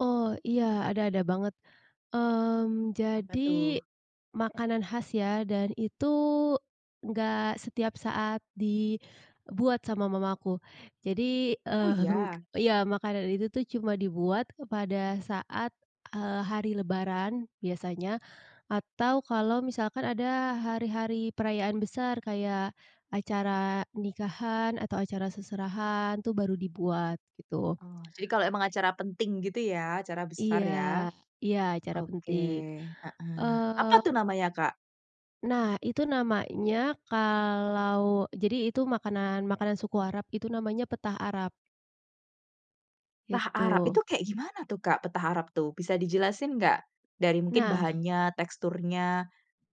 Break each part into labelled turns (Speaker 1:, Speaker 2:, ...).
Speaker 1: Oh, iya, ada, ada banget. Mmm,
Speaker 2: Apa
Speaker 1: jadi
Speaker 2: tuh?
Speaker 1: makanan khas ya, dan itu, enggak setiap saat dibuat sama mama aku. Jadi,
Speaker 2: Oh
Speaker 1: mhm,
Speaker 2: iya.
Speaker 1: iya makanan itu tuh cuma dibuat pada saat, eee, hari lebaran, biasanya. Atau kalau misalkan ada hari-hari perayaan besar, kayak, acara nikahan atau acara seserahan tuh baru dibuat, gitu.
Speaker 2: Oh, jadi kalau emang acara penting gitu ya, acara besar
Speaker 1: Iya
Speaker 2: ya?
Speaker 1: iya, acara
Speaker 2: Oke,
Speaker 1: penting.
Speaker 2: heeh. Apa tuh
Speaker 1: Mhm
Speaker 2: namanya Kak?
Speaker 1: Nah, itu namanya kalau jadi itu makanan makanan suku Arab, itu namanya petah Arab.
Speaker 2: Petah Arab, itu
Speaker 1: Itu.
Speaker 2: kayak gimana tuh Kak Petah Arab tuh, bisa dijelasin nggak? Dari mungkin
Speaker 1: Nah.
Speaker 2: bahannya, teksturnya,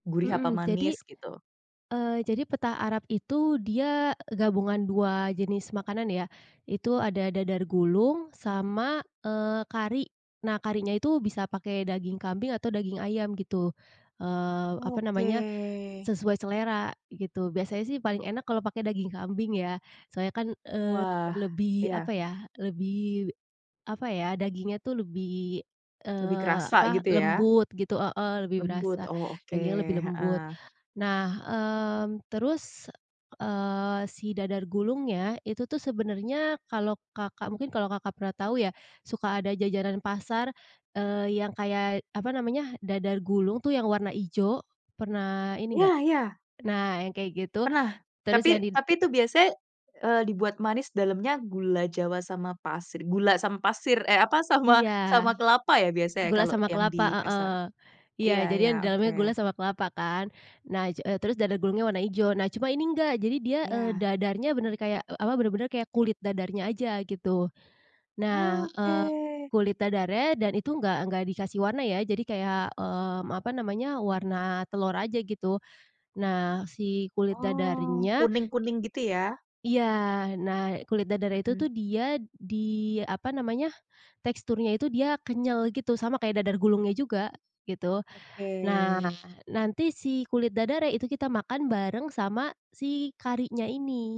Speaker 2: gurih apa
Speaker 1: Mhm, jadi,
Speaker 2: manis gitu.
Speaker 1: eee, jadi petah Arab itu, dia gabungan dua jenis makanan ya. Itu ada dadar gulung, sama, eee, kari. Nah, karinya itu bisa pakai daging kambing atau daging ayam gitu. Eee, apa
Speaker 2: Oke.
Speaker 1: namanya, sesuai selera, gitu. Biasanya sih paling enak kalau pakai daging kambing ya, soalnya kan, eee,
Speaker 2: Wah.
Speaker 1: lebih apa
Speaker 2: Iya.
Speaker 1: ya lebih apa ya, dagingnya tuh lebih,
Speaker 2: Lebih
Speaker 1: eee,
Speaker 2: kerasa
Speaker 1: apa,
Speaker 2: gitu ya?
Speaker 1: lembut gitu heeh, lebih
Speaker 2: Lembut.
Speaker 1: berasa,
Speaker 2: Oh, oke.
Speaker 1: dagingnya lebih lembut.
Speaker 2: Heeh.
Speaker 1: Nah, terus, eee, si dadar gulungnya itu tuh sebenarnya kalau Kakak, mungkin kalau Kakak pernah tahu ya. Suka ada jajanan pasar, eee, yang kayak apa namanya, dadar gulung tuh yang warna ijo, pernah ini enggak
Speaker 2: Iya iya.
Speaker 1: nah, yang kayak gitu.
Speaker 2: Pernah,
Speaker 1: Terus
Speaker 2: tapi,
Speaker 1: yang di
Speaker 2: tapi itu biasanya, eee, dibuat manis dalamnya gula jawa, sama pasir, gula sama pasir, e apa, sama,
Speaker 1: Iya.
Speaker 2: sama kelapa ya, biasanya
Speaker 1: Gula
Speaker 2: kalau
Speaker 1: sama
Speaker 2: yang
Speaker 1: kelapa,
Speaker 2: di
Speaker 1: heeh.
Speaker 2: pasar.
Speaker 1: Iya,
Speaker 2: Iya
Speaker 1: jadi
Speaker 2: iya,
Speaker 1: yang di dalamnya gula
Speaker 2: oke.
Speaker 1: sama kelapa kan. Nah ja terus dadar gulungnya warna ijo. Nah, cuma ini enggak. Jadi dia, eee,
Speaker 2: Ya.
Speaker 1: dadarnya benar-benar kayak, e apa, benar-benar kayak kulit dadarnya aja, gitu. Nah, mmm,
Speaker 2: Oke.
Speaker 1: kulit dadarnya dan itu enggak, enggak dikasih warna ya. Jadi kayak, mmm, apa namanya, warna telur aja gitu. Nah si kulit
Speaker 2: Oh,
Speaker 1: dadarnya
Speaker 2: kuning-kuning gitu ya?
Speaker 1: i iya. Nah, kulit dadarnya itu tuh
Speaker 2: Mhm.
Speaker 1: dia di, apa namanya, teksturnya itu dia kenyal gitu, sama kayak dadar gulungnya juga, gitu.
Speaker 2: Oke.
Speaker 1: Nah, nanti si kulit dadarnya itu kita makan bareng sama si karinya ini.